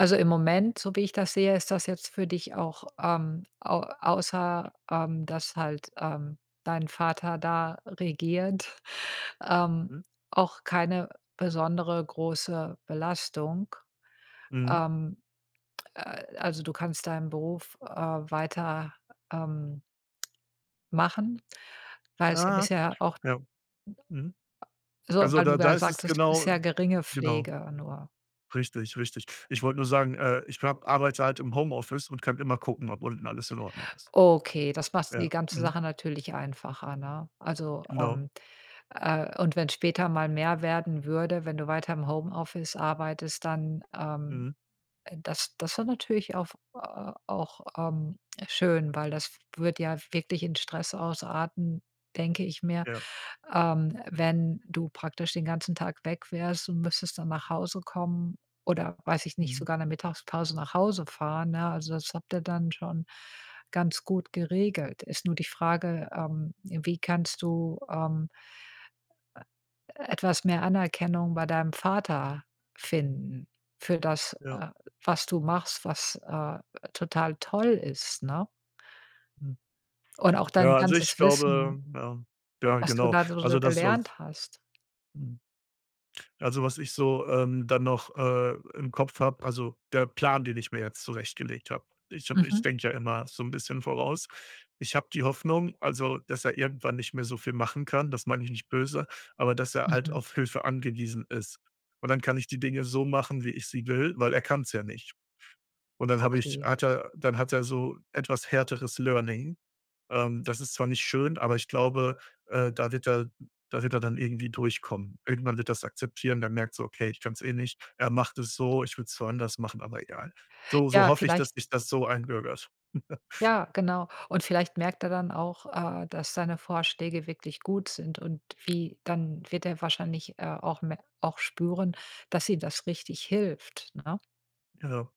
Also, im Moment, so wie ich das sehe, ist das jetzt für dich auch, ähm, au außer, ähm, dass halt, ähm, dein Vater da regiert, ähm, Mhm. auch keine besondere, große Belastung. Mhm. Ähm, äh, also du kannst deinen Beruf, äh, weiter, ähm, machen, weil es ja Ja. bisher auch ja. Mhm. so Also, weil du da da ja ist es sagtest genau bisher geringe genau. Pflege nur. Richtig, richtig. Ich wollte nur sagen, äh, ich habe arbeite halt im Homeoffice und kann immer gucken, ob unten alles in Ordnung ist. Okay, das macht die Ja. ganze Mhm. Sache natürlich einfacher, ne? Also, Genau. ähm, äh und wenn später mal mehr werden würde, wenn du weiter im Homeoffice arbeitest, dann, ähm, Mhm. äh, das das wär natürlich auf auch, ähm, schön, weil das f würde ja wirklich in Stress ausarten, denke ich mir, Ja. ähm, wenn du praktisch den ganzen Tag weg wärst und müsstest dann nach Hause kommen oder, weiß ich nicht, Mhm. sogar in der Mittagspause nach Hause fahren, ne? Also, das habt ihr dann schon ganz gut geregelt. Ist nur die Frage, ähm, wie kannst du, ähm äh, etwas mehr Anerkennung bei deinem Vater finden für das, Ja. äh, was du machst, was, äh, total toll ist, ne? Mhm. Und auch dein Ja, also ich ganzes Wissen glaube Ja. Ja, was du genau. da so Also schnell das soll's gelernt hast. Mhm. Also, was ich so, ähm, dann noch, äh, im Kopf habe also der Plan, den ich mir jetzt zurechtgelegt habe: Ich habe ich Mhm. denke ja immer so 'n bisschen voraus. Ich habe die Hoffnung, also, dass er irgendwann nicht mehr so viel machen kann. Das meine ich nicht böse, aber dass er halt Mhm. auf Hilfe angewiesen ist. Und dann kann ich die Dinge so machen, wie ich sie will, weil er kann's ja nicht. Und dann habe ich Okay. hat er dann hat er so etwas härteres Learning. Ähm, das ist zwar nicht schön, aber ich glaube, äh, da wird er da wird er dann irgendwie durchkommen. Irgendwann wird er's akzeptieren, der merkt so: „Okay, ich kann's eh nicht. Er macht es so, ich würde es zwar anders machen, aber egal.” So so Ja, hoffe ich, dass vielleicht sich das so einbürgert. Ja, genau, und vielleicht merkt er dann auch, äh, dass deine Vorschläge wirklich gut sind und wie dann wird er wahrscheinlich, äh, auch me auch spüren, dass ihr das richtig hilft, ne? Ja.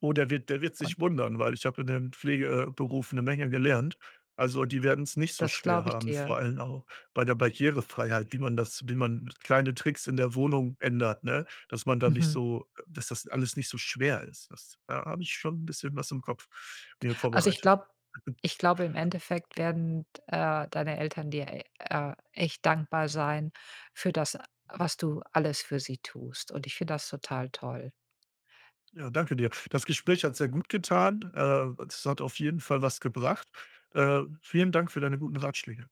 Oh, der wird der wird Und sich wundern, weil ich habe in dem Pflege äh, Beruf 'ne Menge gelernt. Also, die werden's nicht so Das schwer glaube ich haben, dir. vor allem auch bei der Barrierefreiheit, wie man das wie man kleine Tricks in der Wohnung ändert, ne? Dass man da nicht Mhm. so äh, dass das alles nicht so schwer ist. Das da hab ich schon bisschen was im Kopf mir Also, ich vorbereitet. glaub ich glaube im Endeffekt werden, äh, deine Eltern dir e äh echt dankbar sein für das, was du alles für sie tust. Und ich finde das total toll. Ja, danke dir. Das Gespräch hat sehr gut getan. Äh, es hat auf jeden Fall was gebracht. Äh, vielen Dank für deine guten Ratschläge.